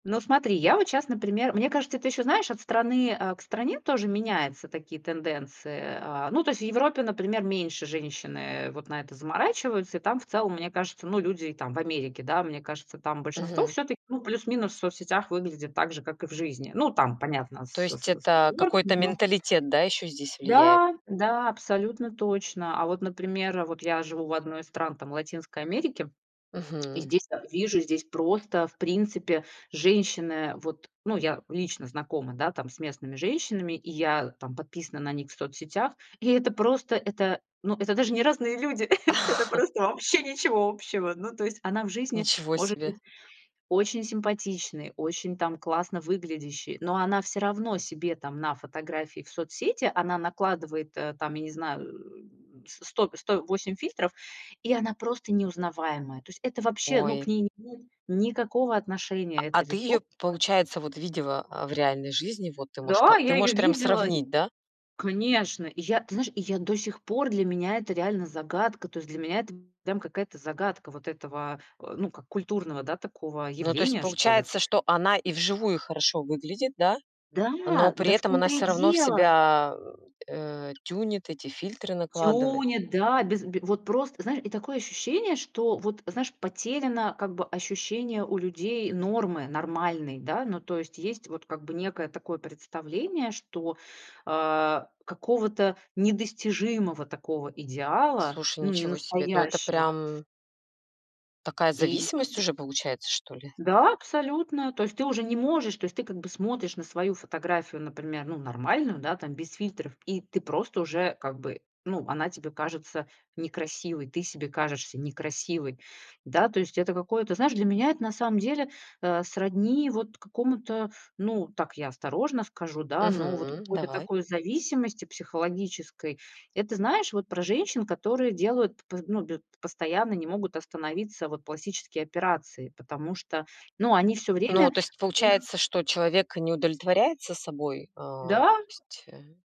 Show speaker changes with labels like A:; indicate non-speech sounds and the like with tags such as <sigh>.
A: Ну, смотри, я вот щас, например мне кажется, это ещё, знаешь, от страны, а, к стране тоже меняются такие тенденции. А, ну, то есть, в Европе, например, меньше женщины вот на это заморачиваются. И там, в целом, мне кажется, ну, люди там, в Америке, да, мне кажется, там большинство,
B: Мгм.
A: всё-таки, ну, плюс-минус в соцсетях выглядит так же, как и в жизни. Ну, там, понятно,
B: То
A: с
B: есть
A: с с
B: это какой-то
A: оговорками, но
B: менталитет, да, еще здесь влияет?
A: Да, да, абсолютно точно. А вот, например, вот я живу в одной из стран там Латинской Америки, и
B: Мгм.
A: здесь вижу, здесь просто в принципе женщины, э, вот Ну, я лично знакома, да, там с местными женщинами, и я там подписана на них в соцсетях. И это просто, это ну, это даже не разные люди- это
B: <chuckles>
A: просто вообще ничего общего. Ну, то есть она в жизни
B: Ничего
A: может
B: себе.
A: быть очень симпатичной, очень там классно выглядящей, но она все равно себе там на фотографии в соцсети, она накладывает, э, там, я не знаю, э, с с сто сто 8 фильтров, и она просто неузнаваемая. То есть это вообще, ну, к
B: Ой.
A: ней не имеет никакого
B: А
A: отношения,
B: а
A: это
B: ты
A: лицо,
B: её,
A: которое
B: получается, вот видела, э, в реальной жизни, вот ты можешь п
A: Да,
B: ты
A: я её
B: можешь прям
A: видела!
B: сравнить, да?
A: Конечно. И я, ты знаешь, и я до сих пор для меня это реально загадка. То есть для меня это прям какая-то загадка вот этого, ну как- культурного, да, такого,
B: Ну, то есть,
A: явления, что ли.
B: получается, что она и вживую хорошо выглядит, да? Но
A: Да,
B: при
A: да в
B: этом она
A: том-то и
B: все равно в
A: дело.
B: себя, а, э, тюнит, эти фильтры накладывает?
A: Тюнит, да. Без бе вот просто, знае и такое ощущение, что, вот, знаешь, потеряно, как бы, ощущение у людей нормы, нормальной, да. Ну, то есть, есть вот как бы некое такое представление, что, а, какого-то недостижимого такого идеала,
B: Слушай,
A: ну,
B: ничего себе. Ну, это
A: ненастоящего.
B: прям такая
A: Иль
B: зависимость
A: <unintelligible>
B: уже получается, что ли?
A: Да, абсолютно. То есть ты уже не можешь, то есть ты, как бы, смотришь на свою фотографию, например, ну, нормальную, да, там без фильтров и ты просто уже как бы, ну, она тебе кажется некрасивой, ты себе кажешься некрасивой, да. То есть это какое-то знаешь, для меня это на самом деле, э, сродни вот какому-то, ну, так я осторожно скажу, да, но вот
B: Мгм.
A: какой-то
B: Давай.
A: такой зависимости психологической. Это, знаешь, вот про женщин, которые делают п п ну, бю п постоянно, не могут остановиться, вот, пластические операции. Потому что, ну, они всё
B: Ну,
A: время
B: то есть
A: у них
B: получается, что человек не удовлетворяется собой? А,
A: Да.
B: то есть, э